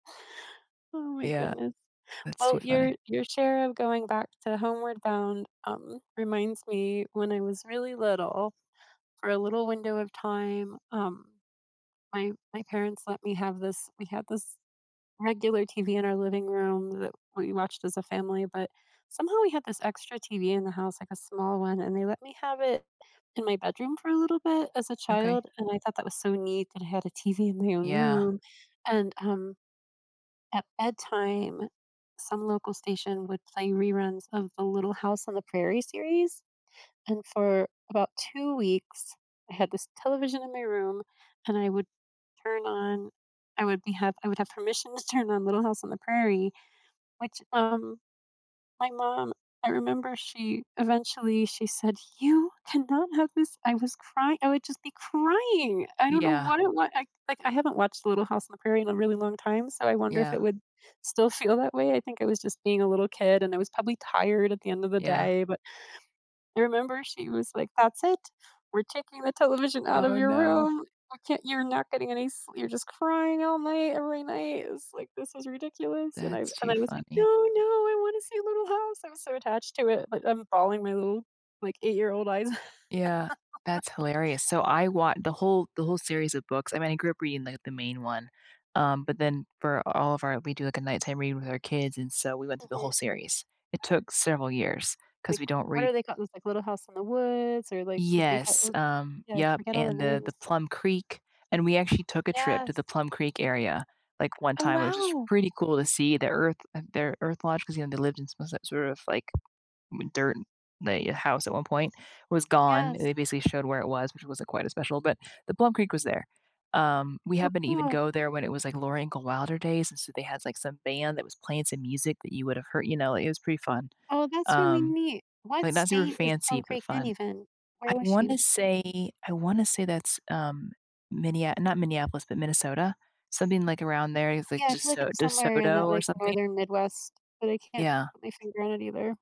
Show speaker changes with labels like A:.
A: Oh, my
B: Yeah.
A: goodness.
B: That's
A: Well,
B: too funny.
A: your your share of going back to Homeward Bound, um, reminds me when I was really little, for a little window of time, um, my my parents let me have this we had this regular TV in our living room that we watched as a family, but somehow we had this extra TV in the house, like a small one, and they let me have it in my bedroom for a little bit, as a
B: Okay.
A: child. And, I thought that was so neat that I had a TV in my own
B: Yeah.
A: room. And, um, at bedtime, some local station would play reruns of the Little House on the Prairie series. And, for about 2 weeks, I had this television in my room and I would turn on I would be I would have permission to turn on Little House on the Prairie, which, um, my mom, I remember she eventually, she said, "You cannot have this." I was cry I would just be crying. I don't know what
B: Yeah.
A: it wa I like, I haven't watched Little House in the Prairie in a really long time, so I wonder if it
B: Yeah.
A: would still feel that way. I think I was just being a little kid and I was probably tired at the end of the
B: Yeah.
A: day. But, I remember she was like, "That's it. We're taking the television out of
B: Oh,
A: your
B: no.
A: room. You can't you're not getting any slee you're just crying all night, every night." It's like, "This is ridiculous." And, I wa
B: That's too
A: I was like, "No,
B: funny.
A: no, I want to see Little House." I was so attached to it, but I'm balling my little, like, eight-year-old eyes out.
B: Yeah. That's hilarious. So, I wa the whole the whole series of books I mean, I grew up reading, like, the main one. Um, but then for all of our we do, like, a nighttime reading with our kids, and so we went through the
A: Mhm.
B: whole series. It took several years 'cause
A: Like,
B: we don't
A: what are
B: read
A: they called there's, like, Little House in the Woods or, like, The Big
B: Yes,
A: Hou
B: um
A: Yeah, I
B: Yep,
A: forget all the
B: and, the
A: names.
B: the Plum Creek and we actually took a trip to
A: Yes.
B: the Plum Creek area, like, one
A: Oh,
B: time, which is
A: wow.
B: pretty cool to see. The earth their earth lodge, 'cause, you know, they lived in some s sort of, like, mm dirt and like, house at one point, was gone.
A: Yes.
B: They basically showed where it was, which wasn't quite as special, but the Plum Creek was there. Um, we
A: Oh,
B: happen to even
A: cool.
B: go there when it was, like, Laura Ingalls Wilder days, and so they had, like, some band that was playing some music that you would have heard you know, it was pretty fun.
A: Oh, that's really
B: Um,
A: neat. What
B: like, not super
A: state is Plum
B: fancy, but
A: Creek in
B: fun.
A: even?
B: I
A: Where was she?
B: wanna say I wanna say that's, um, Minneap not Minneapolis, but Minnesota. Something like around there. It's
A: Yeah,
B: like
A: I feel like
B: DeSo
A: it's somewhere in
B: DeSoto,
A: that,
B: or
A: like,
B: something.
A: Northern Midwest, but I can't
B: Yeah.
A: put my finger on it either.